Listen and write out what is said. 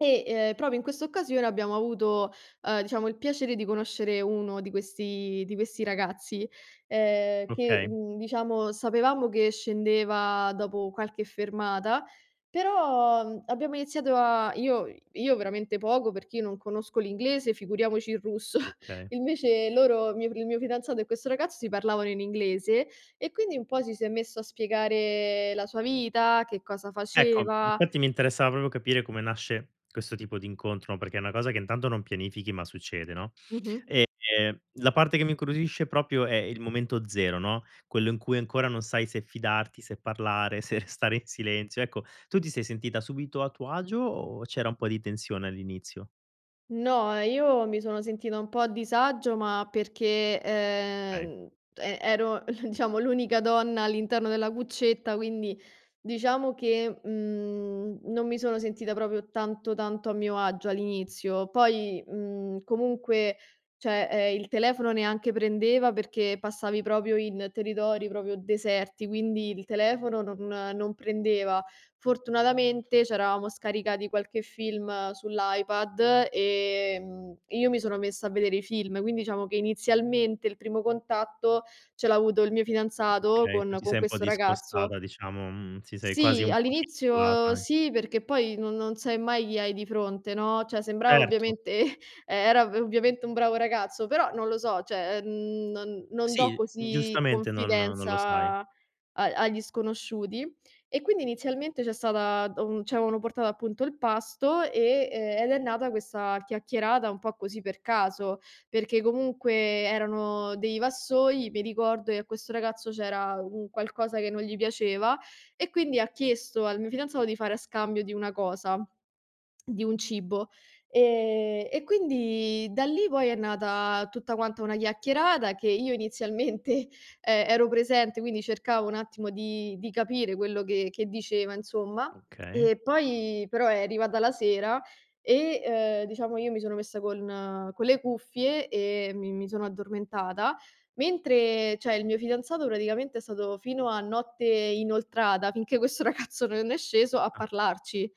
E, uhm, proprio in quest'occasione abbiamo avuto, uhm, diciamo, il piacere di conoscere uno di questi di questi ragazzi uhm, che, Okay. mhmm, diciamo, sapevamo che scendeva dopo qualche fermata, però, abbiamo iniziato a io io veramente poco, perché io non conosco l'inglese, figuriamoci il russo. Okay. Invece loro il mio il mio fidanzato e questo ragazzo, si parlavano in inglese, e quindi un po' ci si è messo a spiegare la sua vita, che cosa Ecco, mhmm, faceva. infatti mi interessava proprio capire, come nasce questo tipo di incontro, no, perché è una cosa che intanto non pianifichi, ma succede, no, Mh-mh. ehm, la parte che mi incuriosisce proprio è il momento zero, no, quello in cui ancora non sai se fidarti, se parlare, se restare in silenzio. Ecco, tu ti sei sentita subito a tuo agio, o c'era un po' di tensione all'inizio? No, ehm, io mi sono sentita un po' a disagio, ma perché, Okay. ehm, e ero, diciamo, l'unica donna all'interno della cuccetta, quindi, diciamo che, mhmm, non mi sono sentita proprio tanto, tanto a mio agio all'inizio, poi, mhmm, comunque, cioè, uhm, il telefono neanche prendeva, perché passavi proprio in territori proprio deserti, quindi, il telefono non non prendeva. Fortunatamente, c'eravamo scaricati qualche film sull'iPad, ehm, io mi sono messa a vedere i film, quindi diciamo che inizialmente, il primo contatto ce l'avuto il mio fidanzato Okay, tu con ti con sei un po' questo ragazzo. discostata diciamo, mhmm, ti sei quasi Sì, un pochino all'inizio, [unintelligible] sì, perché poi non non sai mai chi hai di fronte, no, cioè, sembrava Certo. ovviamente era ov ovviamente un bravo ragazzo, però non lo so, cioè non non do Sì, così giustamente non non confidenza lo sai. a agli sconosciuti. E, quindi inizialmente c'è stata uhm, ci avevano portato appunto il pasto, e uhm, ed è nata questa chiacchierata un po' così per caso, perché comunque erano dei vassoi, mi ricordo che a questo ragazzo, c'era un qualcosa che non gli piaceva, e quindi ha chiesto al mio fidanzato di fare a scambio di una cosa, di un cibo. E e quindi da lì poi è nata tutta quanta una chiacchierata, che io inizialmente e ero presente, quindi cercavo un attimo di di capire quello che che diceva, insomma, Okay. e poi però è arrivata la sera e, uhm, diciamo io mi sono messa con con le cuffie e mi mi sono addormentata, mentre, cioè, il mio fidanzato praticamente è stato fino a notte inoltrata, finché questo ragazzo non è sceso a Ah. parlarci.